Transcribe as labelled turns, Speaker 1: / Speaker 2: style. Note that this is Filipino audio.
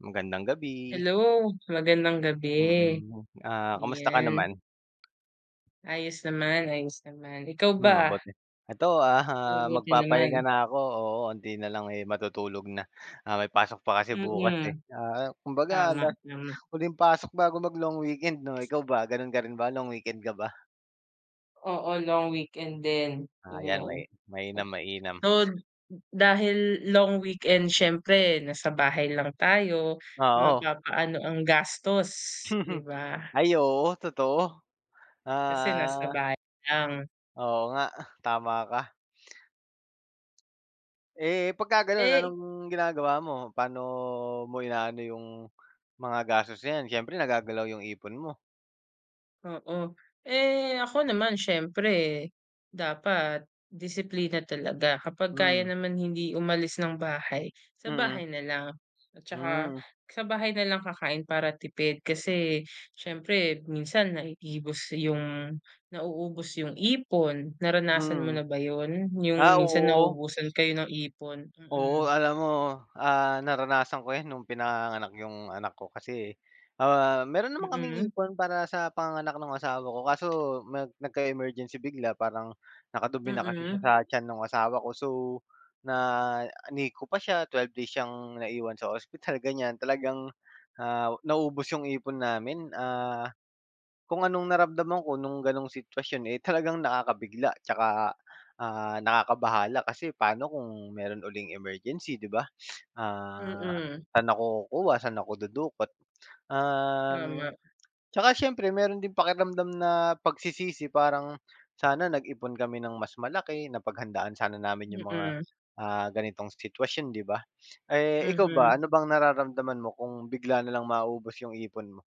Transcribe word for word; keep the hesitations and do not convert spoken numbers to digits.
Speaker 1: Magandang gabi!
Speaker 2: Hello, magandang gabi,
Speaker 1: Mm, ah, kumusta ka
Speaker 2: yan.
Speaker 1: naman?
Speaker 2: Ayos naman, ayos naman ikaw
Speaker 1: Hmm,
Speaker 2: ba?
Speaker 1: mabuti. Eto, aha,
Speaker 2: Mabuti
Speaker 1: magpapahinga
Speaker 2: naman.
Speaker 1: na ako, oo, onti na lang, eh, matutulog na, ah, may pasok pa kasi bukas, eh.
Speaker 2: Mm.
Speaker 1: Ah, kumbaga,
Speaker 2: Tama,
Speaker 1: ah,
Speaker 2: tama.
Speaker 1: huling pasok bago mag-long weekend 'no, ikaw ba gano'n ka rin ba, long weekend ka ba?
Speaker 2: Oo, long weekend din,
Speaker 1: Ah, 'yan may
Speaker 2: yun.
Speaker 1: mainam, mainam.
Speaker 2: So, dahil long weekend siyempre nasa bahay lang tayo
Speaker 1: Oo.
Speaker 2: mapapaano ang gastos, 'di
Speaker 1: Mhm,
Speaker 2: ba?
Speaker 1: Ay oo, totoo.
Speaker 2: Kasi nasa
Speaker 1: Ah
Speaker 2: bahay lang.
Speaker 1: Oo nga, tama ka. Eh, pagkagano'n
Speaker 2: Eh
Speaker 1: anong ginagawa mo? Pa'no mo inaano 'yong, mga gastos na yan siyempre nagagalaw 'yong ipon mo?
Speaker 2: Oo, eh, ako naman siyempre dapat disiplina talaga kapag kaya
Speaker 1: Hmm.
Speaker 2: naman hindi umalis ng bahay sa
Speaker 1: Mm.
Speaker 2: bahay na lang, at saka
Speaker 1: Hmm.
Speaker 2: sa bahay na lang kakain para tipid kasi siyempre minsan naiibos yung, nauubos yung ipon naranasan mo
Speaker 1: Mm.
Speaker 2: na ba yun?
Speaker 1: Ah,
Speaker 2: Yung minsan
Speaker 1: oo.
Speaker 2: naubusan kayo ng ipon? Mm.
Speaker 1: Oo alam mo, ah, naranasan ko 'yan nung pinanganganak 'yong anak ko kasi, ah, mayro'n naman kaming
Speaker 2: Mm.
Speaker 1: ipon para sa panganganak ng asawa ko kaso nag nagka-emergency bigla parang nakadumi na kasi siya sa
Speaker 2: Mm.
Speaker 1: tiyan nung asawa ko so, na NICU pa siya twelve days siyang naiwan sa ospital ganyan talagang, ah, naubos yung ipon namin, ah, kung anong naramdaman ko nung ganong sitwasyon, eh, talagang nakakabigla 'tsaka, ah, nakakabahala kasi pa'no kung mayro'n uling emergency 'di ba? Ah,
Speaker 2: Mm.
Speaker 1: sa'n ako kukuha, sa'n ako dudukot. Um,
Speaker 2: Tama.
Speaker 1: 'tsaka siyempre mayro'n ding pakiramdam na pagsisisi parang, "sana nag-ipon kami ng mas malaki napaghandaan sana namin yung mga,
Speaker 2: Mm.
Speaker 1: ah, ganitong sitwasyon" 'di ba? Eh, ikaw ba
Speaker 2: Mhm.
Speaker 1: ano bang nararamdaman mo kung bigla na lang maubos yung ipon mo?